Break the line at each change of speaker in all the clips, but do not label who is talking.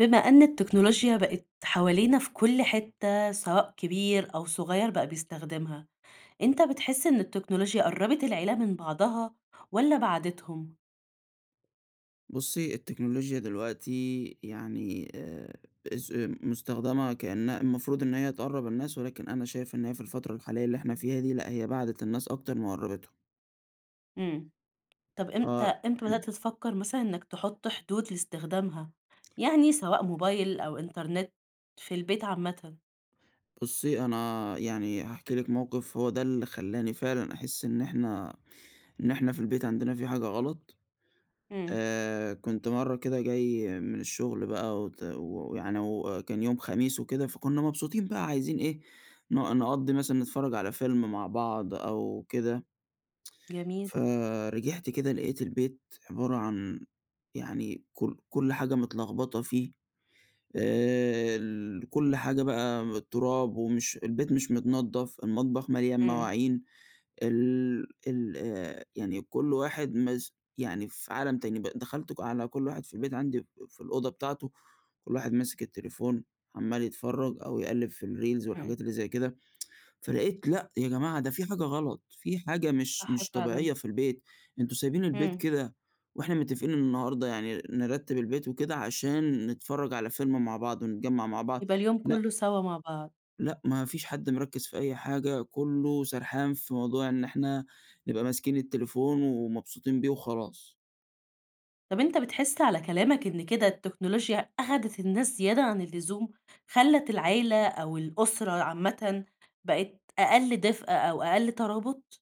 بما أن التكنولوجيا بقت حوالينا في كل حتة سواء كبير أو صغيّر بقى بيستخدمها. أنت بتحس إن التكنولوجيا قرّبت العيلة من بعضها والّا بعدتهم؟
بُصّي، التكنولوجيا دلوقتي يعني آآ، اس مستخدمة كأنها المفروض إن هي تقرًّب الناس، ولكن أنا شايف إن هي في الفترة الحالية اللي إحنا فيها دي لأ، هي بعدِت الناس أكتر ما قربتّهم.
امم، طيب إمتى
آه
إمتى
امم.
بدأت تفكَّر مثلًا إنك تحط حدود لاستخدامها، يعني سواء موبايل أو إنترنت في البيت عامةً؟
بُصّي، أنا يعني هاحكي لِك موقف، هو ده اللي خلاني فعلًا أحس إن احنا إن احنا في البيت عندنا في حاجة غلط.
امم.
آآ، كنت مَرّة كده جاي من الشغل بقى وت ويعني وكان يوم خميس وكده، فكنا مبسوطين بقى عايزين إيه ن نقضّي مثلًا نتفرج على فيلم مع بعض أو كده
جميل.
فرجعت كده لقيت البيت عبارة عن يعني كُلّ كُلّ حاجة متلخبطة فيه. آآ، ال كُلّ حاجة بقى التراب ومش البيت مش متنضّف، المطبخ مليان
امم.
مواعين، ال ال آآ، يعني كُلّ واحد مس يعني في عالم تاني. ب دخلت ك على كُلّ واحد في البيت عندي في الأوضة بتاعته، كُلّ واحد ماسك التليفون عمال يتفرج أو يقلِّب في الريلز
امم.
والحاجات اللي زي كده. فلقيت لأ يا جماعة، ده في حاجة غلط، في حاجة مش
صح
مش
فعلًا.
طبيعية في البيت. أنتم سايبين البيت
امم.
كده وإحنا متفقين النهاردة يعني نرتب البيت وكده عشان نتفرج على فيلم مع بعض ونتجمّع مع بعض،
يبقى اليوم
لأ
كله سوا مع بعض.
لأ ما فيش حد مركّز في أي حاجة، كُلّه سرحان في موضوع إن إحنا نبقى ماسكين التليفون ومبسوطين بيه وخلاص.
طب أنتَ بتحس على كلامك إن كده التكنولوجيا أخدِت الناس زيادة عن اللزوم؟ خلّت العيلة أو الأسرة عامةً بقِت أقل دفء أو أقل ترابط؟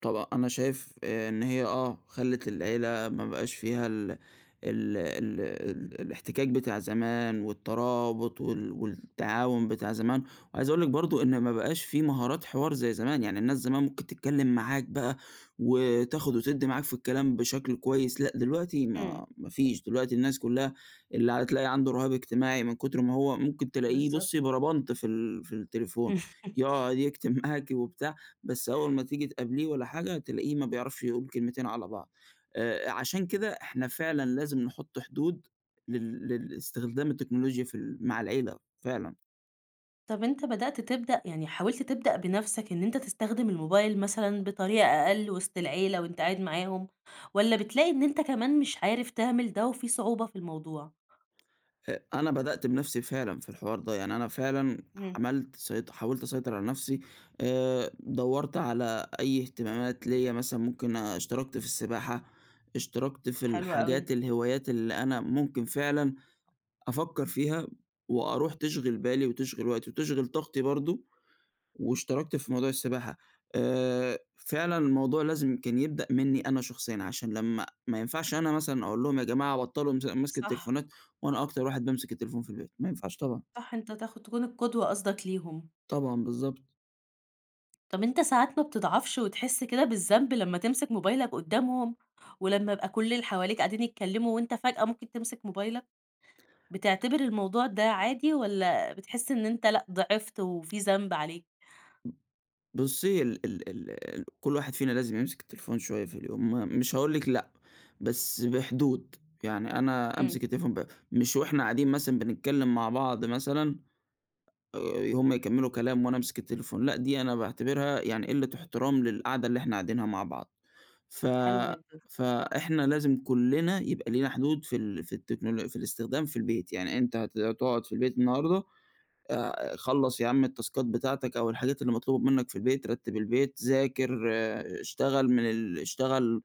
طب أنا شايف آآ إن هي آه خلّت العيلة ما بقاش فيها ال ال ال ال الإحتكاك بتاع زمان والترابط وال والتعاون بتاع زمان، وعايز أقول لِك برضو إن ما بقاش في مهارات حوار زي زمان، يعني الناس زمان ممكن تتكلّم معاك بقى وتاخد وتدِّي معاك في الكلام بشكل كويس، لأ دلوقتي
امم.
ما ما فيش، دلوقتي الناس كلّها اللي ع تلاقي عنده رهاب اجتماعي من كتر ما هو ممكن تلاقيه
بالضبط.
بُصّي بربنط في ال في التليفون، يقعد يكتب معاكِ وبتاع، بس أول ما تيجي تقابليه والّا حاجة تلاقيه ما بيعرفش يقول كلمتين على بعض، آآ عشان كده إحنا فعلًا لازم نحط حدود لل للإستخدام التكنولوجيا في ال مع العيلة فعلًا.
طب أنتَ بدأت تبدأ يعني حاولت تبدأ بنفْسك إن أنتَ تستخدم الموبايل مثلًا بطريقة أقل وسط العيلة وأنتَ قاعد معاهم؟ والّا بتلاقي إن أنتَ كمان مش عارف تعمل ده وفي صعوبة في الموضوع؟
أ أنا بدأت بنفْسي فعلًا في الحوار ده، يعني أنا فعلًا
امم.
عملت سيط حاولت أسيطر على نفْسي، آآ دوَّرت على أي اهتمامات ليّا مثلًا ممكن اشتركت في السباحة، اشتركت في
حلو
الحاجات
أوي.
الهوايات اللي أنا ممكن فعلًا أفكَّر فيها وأروح تشغل بالي وتشغل وقتي وتشغل طاقتي برضو، واشتركت في موضوع السباحة، آآ فعلًا الموضوع لازم كان يبدأ مني أنا شخصيًا، عشان لمّا ما ينفعش أنا مثلًا أقول لهم يا جماعة بطلوا مس مَسك
صح.
التليفونات، وأنا أكتر واحد بيمسك التليفون في البيت، ما ينفعش طبعًا.
صح أنتَ تاخ تكون القدوة قصدك ليهم.
طبعًا بالضبط.
طب أنت ساعات ما بتضعفش وتحس كده بالذنب لمّا تمسك موبايلك قدّامهم؟ ولمّا يبقى كلّ اللي حواليك قاعدين يتكلّموا وأنت فجأة ممكن تمسك موبايلك؟ بتعتبر الموضوع ده عادي، والَّا بتحس إن أنت لأ ِضِعفت وفي ذنب عليك؟
بُصّي ال ال ال كلّ واحد فينا لازم يمسك التليفون شوية في اليوم م مش هاقول لِك لأ، بس بحدود يعني أنا
إمم.
أمسك التليفون ب مش وإحنا قاعدين مثلًا بنتكلّم مع بعض مثلًا، آآ هُم يكمّلوا كلام وأنا أمسك التليفون، لأ دي أنا باعتبرها يعني قلة إحترام للقعدة اللي إحنا قاعدينها مع بعض، ف
حلو جدًا.
فإحنا لازم كلّنا يبقى لينا حدود في ال في التكنولو في الإستخدام في البيت، يعني أنت هت هتقعد في البيت النهارده، آآ خلَّص يا عم التاسكات بتاعتك أو الحاجات اللي مطلوبة منك في البيت، رتِّب البيت، ذاكر، آآ اشتغل من ال اشتغل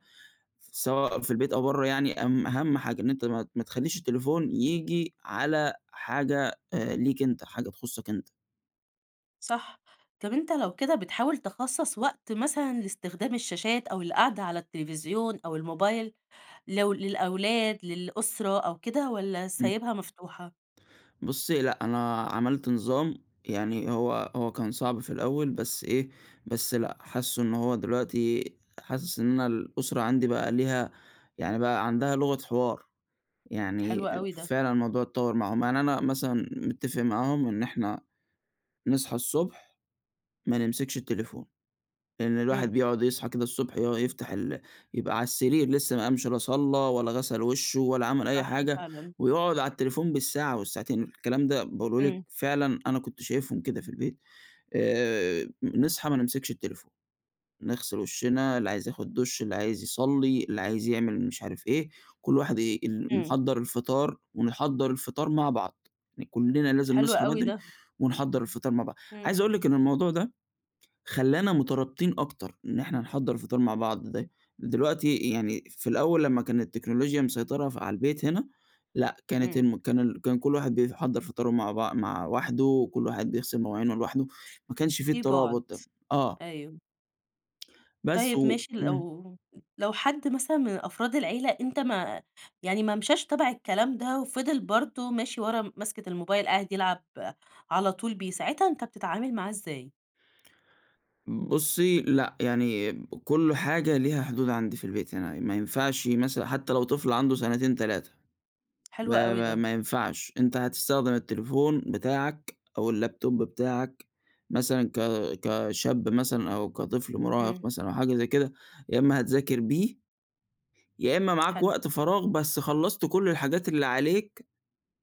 سواء في البيت أو برّه يعني، أم أهم حاجة إن أنت ما ما تخلّيش التليفون ييجي على حاجة آآ ليك أنت، حاجة تخصّك أنت.
صح طب أنت لو كده بتحاول تِخَصَّص وقت مثلًا لإستخدام الشاشات، أو القعدة على التلفزيون أو الموبايل، لو للأولاد للأسرة أو كده، والَّا
إمم.
سايبها مفتوحة؟
بُصّي لأ أنا عملت نظام يعني هو هو كان صعب في الأول بس إيه، بس لأ حاسّه إن هو دلوقتي حاسس إن أنا الأسرة عندي بقى ليها يعني بقى عندها لغة حوار،
حلو
يعني
أوي ده.
فعلًا الموضوع اتطوّر معاهم، يعني أنا مثلًا متفق معاهم إن إحنا نصحى الصبح ما نمسكش التليفون، لإن الواحد
إمم.
بيقعد يصحى كده الصبح يُقع يفتح ال يبقى على السرير لسّه ما قامش لا صلّى ولا غسَل وشُّه ولا عمل أي
صح
حاجة،
فعلًا.
ويقعد على التليفون بالساعة والساعتين، الكلام ده باقوله لِك
إمم.
فعلًا أنا كنت شايفهم كده في البيت، آآ نصحى ما نمسكش التليفون، نغسل وشنا اللي عايز ياخد دش اللي عايز يصلّي اللي عايز يعمل مش عارف إيه، كلّ واحد ي ال
إمم.
نحضّر الفطار، ونحضّر الفطار مع بعض، كلّنا لازم
حلو
نصحى
أوي
بدري
ده.
ونحضّر الفطار مع بعض،
إمم.
عايز أقول لِك إن الموضوع ده خلّانا مترابطين أكتر، إن إحنا نحضّر الفطار ده مع بعض دا دلوقتي يعني في الأول لمّا كان التكنولوجيا مسيطرة ف على البيت هنا، لأ كانت
إمم.
الم كان كان كلّ واحد بيحضّر فطاره مع بع مع وحده، كلّ واحد بيغسل مواعينه لوحده، ما كانش في
في بُعد،
الترابط ده. آه.
أيوه.
بس
طيب
و
ماشي،
امم.
لو لو حد مثلًا من أفراد العيلة أنت ما يعني ما مشيش تبع الكلام ده وفضل برضه ماشي ورا ماسكة الموبايل، قاعد يلعب على طول بيه، ساعتها أنت بتتعامل معاه إزاي؟
بُصي لأ، يعني كل حاجة ليها حدود عندي في البيت، يعني ما ينفعش مثلًا حتى لو طفل عنده سنتين 3،
حلوة
ما
أوي
ما
ده.
ما ينفعش أنت هتستخدم التليفون بتاعك أو اللابتوب بتاعك مثلًا ك كشاب مثلًا أو كطفل
امم.
مُراهق مثلًا أو حاجة زي كده يا إما هتذاكر بيه، يا إما معاك
حلو.
وقت فراغ بس خلّصت كل الحاجات اللي عليك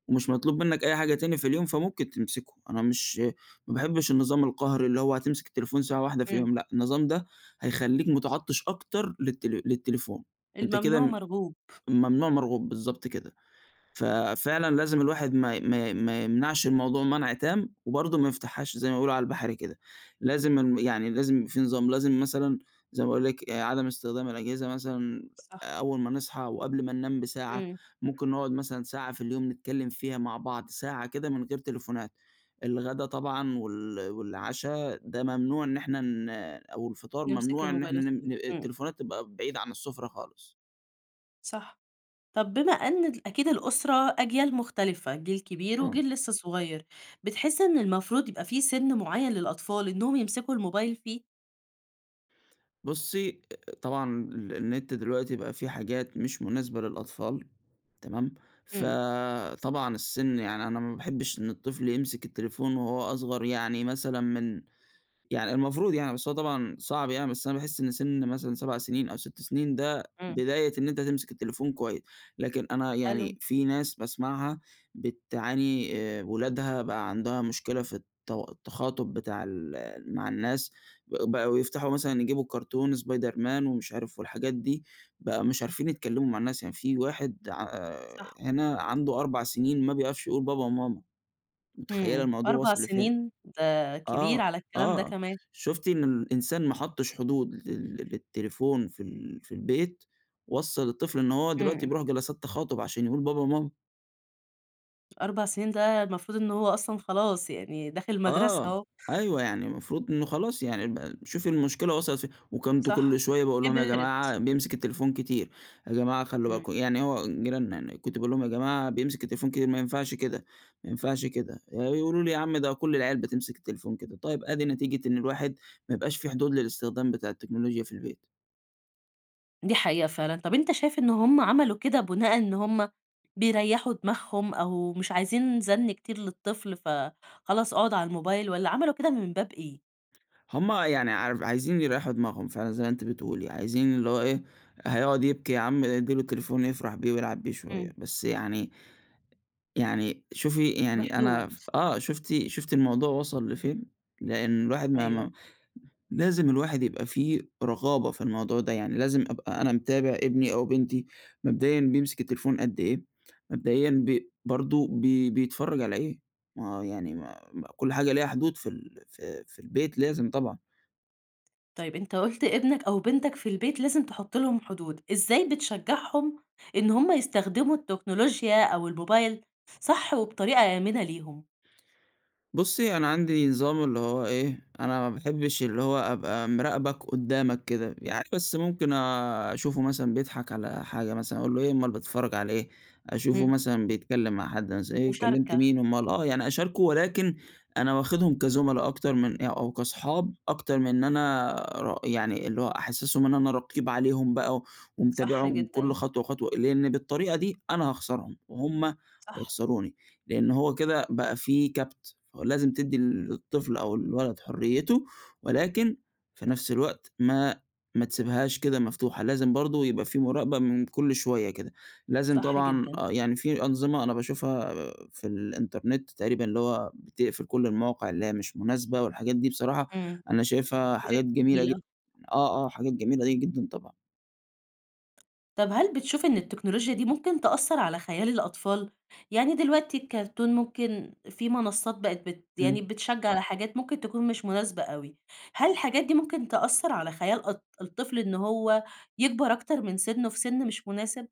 ومش مطلوب منك أي حاجة تاني في اليوم فممكن تمسكه. أنا مش ما باحبش النظام القهري اللي هو هتمسك التليفون ساعة واحدة في
إمم.
اليوم. لأ، النظام ده هيخليك مُتعطش أكتر للت للتليفون، وأنت
الممنوع
كده
مرغوب.
الممنوع مرغوب، بالضبط كده. ففعلًا لازم الواحد ما ي ما ي ما يمنعش الموضوع منع تام وبرضه ما يفتحهاش زي ما بيقولوا على البحرى كده. لازم الم يعني لازم في نظام، لازم مثلًا زي ما باقول لِك آآ عدم استخدام الأجهزة مثلًا
صح.
أول ما نصحى وقبل ما ننام بساعة.
امم.
ممكن نقعد مثلًا ساعة في اليوم نتكلم فيها مع بعض، ساعة كده من غير تليفونات. الغدا طبعًا وال والعشا ده ممنوع إن إحنا ن أو الفطار
نمسك
ممنوع إن
الموبايل
إحنا ن
[unintelligible]
ن
امم.
التليفونات تبقى بعيدة عن السفرة خالص.
صح. طَب بما أن أكيد الأسرة أجيال مختلفة، جيل كبير
آه.
وجيل لسه صغير، بتحس إن المفروض يبقى في سَنّ معيّن للأطفال إنهم يمسكوا الموبايل فيه؟
بُصّي، طبعًا ال النت دلوقتي بقى في حاجات مش مناسبة للأطفال، تمام؟
امم.
فطبعًا السِنّ، يعني أنا ما باحبش إن الطفل يمسك التليفون وهو أصغر يعني مثلًا من يعني المفروض يعني بس هو طبعًا صعب يعني، بس أنا باحس إن سِنّ مثلًا 7 سنين أو 6 سنين، ده
امم.
بداية إن أنت تمسك التليفون كويس. لكن أنا
ألو.
يعني في ناس باسمعها بتعاني، آآ ولادها بقى عندها مشكلة في التو التخاطب بتاع ال مع الناس. بقوا يفتحوا مثلًا يجيبوا الكارتون سبايدرمان ومش عارف، والحاجات دي، بقوا مش عارفين يتكلموا مع الناس. يعني في واحد ع آآ،
صح.
هنا عنده 4 سنين ما بيعرفش يقول بابا و ماما. متخيلة
امم،
الموضوع
4
وصل لفين؟!
سنين، ده
آه،
كبيرعلى الكلام ده
آه،
كمان.
شُفتِ إن الإنسان ما حطش حدود لل للتليفون في ال في البيت، وصّل الطفل إنه هو دلوقتي
امم.
بيروح جلسات تخاطب عشان يقول بابا وماما.
4 سنين ده المفروض إنه هو أصلًا خلاص يعني داخل المدرسة
آه،
أهو.
أيوه، يعني المفروض إنه خلاص يعني ب شوفي المشكلة وصلت فين؟ وكنت
صح
كُلّ شوية باقول لهم: "يا
كبْرت.
جماعة بيمسك التليفون كتير، يا جماعة خلّوا
امم.
بالكم"، يعني هو جيراننا يعني، كنت باقول لهم: "يا جماعة بيمسك التليفون كتير، ما ينفعش كده، ما ينفعش كده"، ي يقولوا لي: "يا عم ده كُلّ العيال بتمسك التليفون كده"، طيب أدي نتيجة إن الواحد ما يبقاش في حدود للاستخدام بتاع التكنولوجيا في البيت.
دي حقيقة فعلًا. طَب أنت شايف إنه هُم عملوا كده بناءً إن هُم بيريحوا دماغهم أو مش عايزين زن كتير للطفل، فخلاص اقعد على الموبايل، والّا عملوا كده من باب إيه؟
هُم يعني عار عايزين يريّحوا دماغهم فعلًا زي ما أنتِ بتقولي. عايزين اللي هو إيه، هيقعد يبكي يا عم ادّي له تليفون يفرح بيه ويلعب بيه شوية.
امم.
بس يعني يعني شوفي يعني أنا
بحدود.
ف آه شُفتِ شُفتِ الموضوع وصل لفين؟ لأن الواحد ما ما
أيوة.
لازم الواحد يبقى في رقابة في الموضوع ده يعني. لازم أبقى أنا متابع ابني أو بنتي مبدئيًا بيمسك التليفون قدّ إيه؟ مبدئيًا ب برضو بي بيتفرج على إيه؟ ما هو يعني ما ما كُلّ حاجة لها حدود في ال في في البيت لازم طبعًا.
طيب أنت قُلت ابنك أو بنتك في البيت لازم تحط لهم حدود. إزاي بتشجعهم إن هم يستخدموا التكنولوجيا أو الموبايل صح وبطريقة آمنة ليهم؟
بُصّي، أنا عندي نظام اللي هو إيه، أنا ما باحبش اللي هو أبقى مراقبك قدّامك كده. يعني بس ممكن أشوفه مثلًا بيضحك على حاجة مثلًا، أقول له: "إيه أُمّال بتتفرج عليه إيه؟" أشوفه
امم.
مثلًا بيتكلّم مع حد مث "إيه كلمت
مشاركة.
مين؟" أُمّال آه، يعني أشاركه، ولكن أنا واخذهم كزملا أكتر من أ أو كأصحاب أكتر من أنا ر يعني اللي هو أحسسهم إن أنا رقيب عليهم بقى،
صح
ومتابعهم كُلّ
جدًا.
خطوة وخطوة، لإني بالطريقة دي أنا هاخسرهم، وهُم
صح.
هيخسروني، لأنّه هو كده بقى في كَبْت، فلازم تدّي للطفل أو الولد حريته، ولكن في نَفس الوقت ما ما تسيبهاش كده مفتوحة، لازم برضو يبقى في مراقبة من كُلّ شويّة كده. لازم
صح
طبعًا
جدًا.
آه، يعني في أنظمة أنا باشوفها في الإنترنت تقريبًا اللي هو بتقفل كُلّ المواقع اللي هي مش مناسبة، والحاجات دي بصراحة
إمم..
أنا شايفها حاجات جميلة جد
[unintelligible]
آه، آه، حاجات جميلة جدًا طبعًا.
طب هل بتشوف إن التكنولوجيا دي ممكن تأثر على خيال الأطفال؟ يعني دلوقتي الكارتون ممكن في منصات بقيت بت يعني
امم.
بتشجع على حاجات ممكن تكون مش مناسبة أوي، هل الحاجات دي ممكن تأثر على خيال أط الطفل إن هو يكبر أكتر من سِنّه في سن مش مناسب؟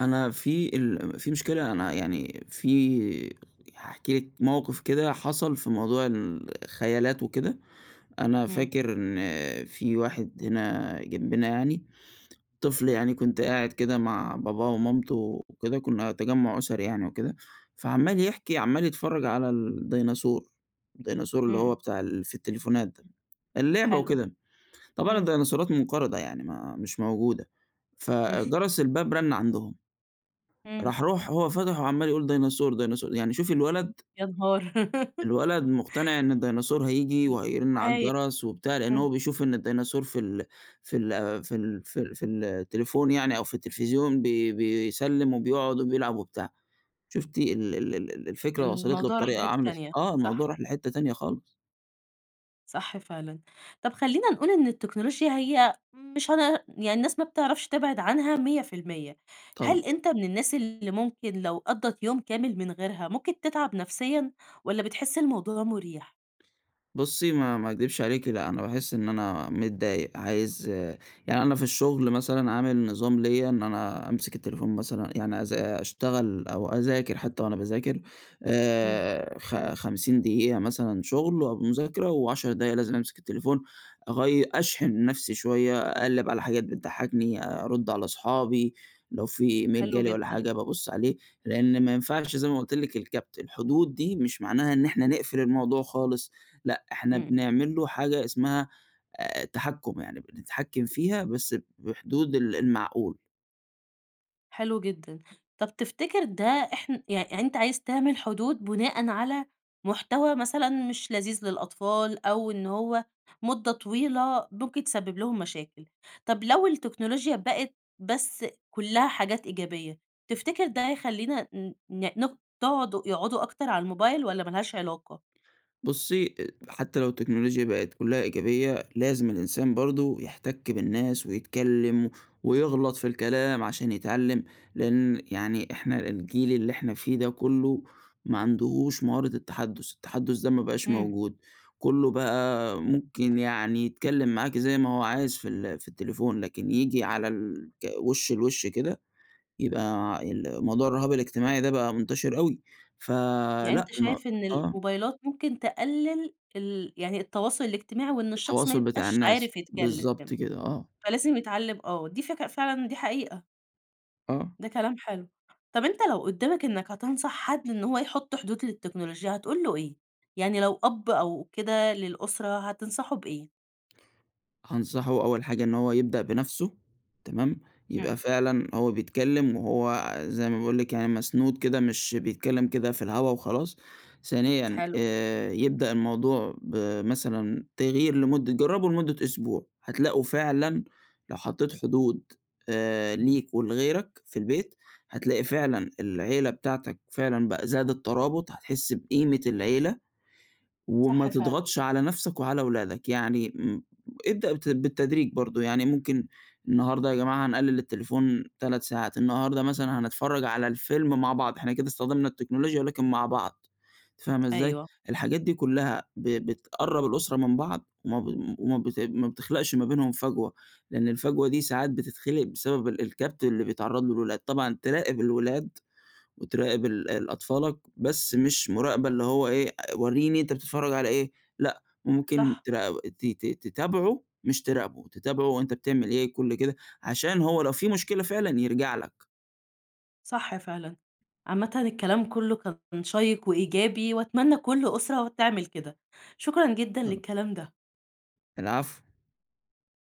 أنا في ال في مشكلة أنا يعني في هاحكي لِك موقف كده حصل في موضوع الخيالات وكده، أنا
امم.
فاكر إن في واحد هنا جنبنا يعني طفل يعني كنت قاعد كده مع باباه ومامته وكده، كنا تجمُّع أسري يعني وكده، فعمّال يحكي عمّال يتفرج على الديناصور، الديناصور اللي هو
امم.
بتاع ال في التليفونات ده، اللعبة
حلو
وكده، طبعًا
امم.
الديناصورات منقرضة يعني ما مش موجودة،
امم.
فجرس الباب رن عندهم،
امم.
راح، راح هو فتح وعمّال يقول: "ديناصور، ديناصور"، يعني شوفِي الولد؟!
يا نهار!
الولد مقتنع إن الديناصور هييجي وهيرن على
[unintelligible]
الجرس وبتاع، لأن هو
امم.
بيشوف إن الديناصور في ال في ال في ال في ال في التليفون يعني أو في التلفزيون بي بيسلّم وبيقعد وبيلعب وبتاع، شُفتِ ال ال ال الفكرة وصلت له
الموضوع راح
بطريقة
لحتة
عاملة إز
تانية،
آه، الموضوع
صح؟
راح لحتة تانية خالص.
صح فعلًا. طَب خلّينا نقول إن التكنولوچيا هي مش هنع يعني الناس ما بتعرفش تبعد عنها 100%
طبعًا.
هل أنت من الناس اللي ممكن لو قضِّت يوم كامل من غيرها، ممكن تتعب نفسيًا، والَّا بتحس الموضوع مُريح؟
بُصي ما ما اكدبش عليكِ لأن أنا باحس إن أنا متضايق، عايز يعني أنا في الشغل مثلًا عامل نظام ليّا، إن أنا أمسك التليفون مثلًا يعني أذا أشتغل أو أذاكر حتى وأنا باذاكر
امم.
آآ خ خمسين دقيقة مثلًا شغل أو مذاكرة، وعشر دقايق لازم أمسك التليفون أغيّ أشحن نفسي شوية، أقلّب على حاجات بتضحكني، أرُد على صُحابي، لو في إيميل جا
حلو
لي والّا
جدًا.
حاجة بابص عليه لأن ما ينفعش زي ما قلت لِك الكبّت، الحدود دي، مش معناها إن إحنا نقفل الموضوع خالص، لأ إحنا
امم.
بنعمل له حاجة اسمها آآ، تحكُم يعني بنتحكم فيها بس بحدود ال المعقول.
حلو جدًا. طَب تفتكر ده احن يعني أنت عايز تعمل حدود بناءً على محتوى مثلًا مش لذيذ للأطفال، أو إن هو مدة طويلة ممكن تسبب لهم مشاكل. طَب لو التكنولوچيا بقِت بس كُلّها حاجات إيجابية، تفتكر ده يخلّينا ن ن نق تقعد يقعدوا أكتر على الموبايل، والّا ما لهاش علاقة؟
بُصي أ حتى لو التكنولوچيا بقِت كلها إيجابية، لازم الإنسان برضه يحتَك بالناس، ويتكلّم، ويغلط في الكلام عشان يتعلّم، لأن يعني إحنا الجيل اللي إحنا فيه ده كله، ما عندهوش مهارة التحدُّث، التحدُّث ده ما بَقاش
امم.
موجود. كله بقى ممكن يعني يتكلّم معاكِ زي ما هو عايز في ال في التليفون لكن ييجي على الك وِش لوِش كده، يبقى ال موضوع الرُهاب الاجتماعي ده بقى مُنتشر أوي
يعني
فلأ
أنت
ما
شايف إن
آه.
الموبايلات ممكن تقلل ال يعني التواصل الاجتماعي، وإن الشخص ما
التواصُل بتاع
يبقاش
الناس،
عارف يتكلّم كده،
بالضبط كده، آه.
فلازم يتعلم آه دي فكرة فعلًا، دي حقيقة.
آه.
ده كلام حلو، طب أنت لو قدّامك إنك هتنصح حد إن هو يحط حدود للتكنولوجيا، هتقول له إيه؟ يعني لو أب أو كده للأسرة هتنصحه بإيه؟
هانصحه أول حاجة إن هو يبدأ بنفْسه تمام، يبقى
إمم.
فعلًا هو بيتكلّم وهو زي ما باقول لِك يعني مسنود كده مش بيتكلّم كده في الهوا وخلاص، ثانيًا
حلو.
آآ يبدأ الموضوع بمثلًا تغيير لمُدّة جرّبوا لمُدّة أسبوع، هتلاقوا فعلًا لو حطيت حدود آآ ليك ولغيرك في البيت، هتلاقي فعلًا العيلة بتاعتك فعلًا بقى زادت ترابط، هتحس بقيمة العيلة، وما
صح فعلًا.
تضغطش على نفْسك وعلى ولادك، يعني م ابدأ بت بالتدريج برضو، يعني ممكن النهارده يا جماعة هنقلل التليفون 3 ساعات، النهارده مثلًا هنتفرّج على الفيلم مع بعض، إحنا كده استخدمنا التكنولوجيا ولكن مع بعض، أنتِ فاهمة إزاي؟
أيوه.
الحاجات دي كلّها ب بتقرّب الأسرة من بعض، وما ب وما بت ما بتخلقش ما بينهم فجوة، لإن الفجوة دي ساعات بتتخلق بسبب ال الكبت اللي بيتعرّض له الولاد، طبعًا تراقب الولاد وتراقب ال ال أطفالك، بس مش مراقبة اللي هو إيه، وريني أنت بتتفرّج على إيه، لأ ممكن
صح.
تراق ت ت تتابعه مش تراقبه، تتابعه هو أنت بتعمل إيه كلّ كده، عشان هو لو في مشكلة فعلًا يرجع لك.
صح فعلًا، عامةً الكلام كلّه كان شيّق وإيجابي، وأتمنى كلّ أسرة تعمل كده. شكرًا جدًا
آه.
للكلام ده.
العفو.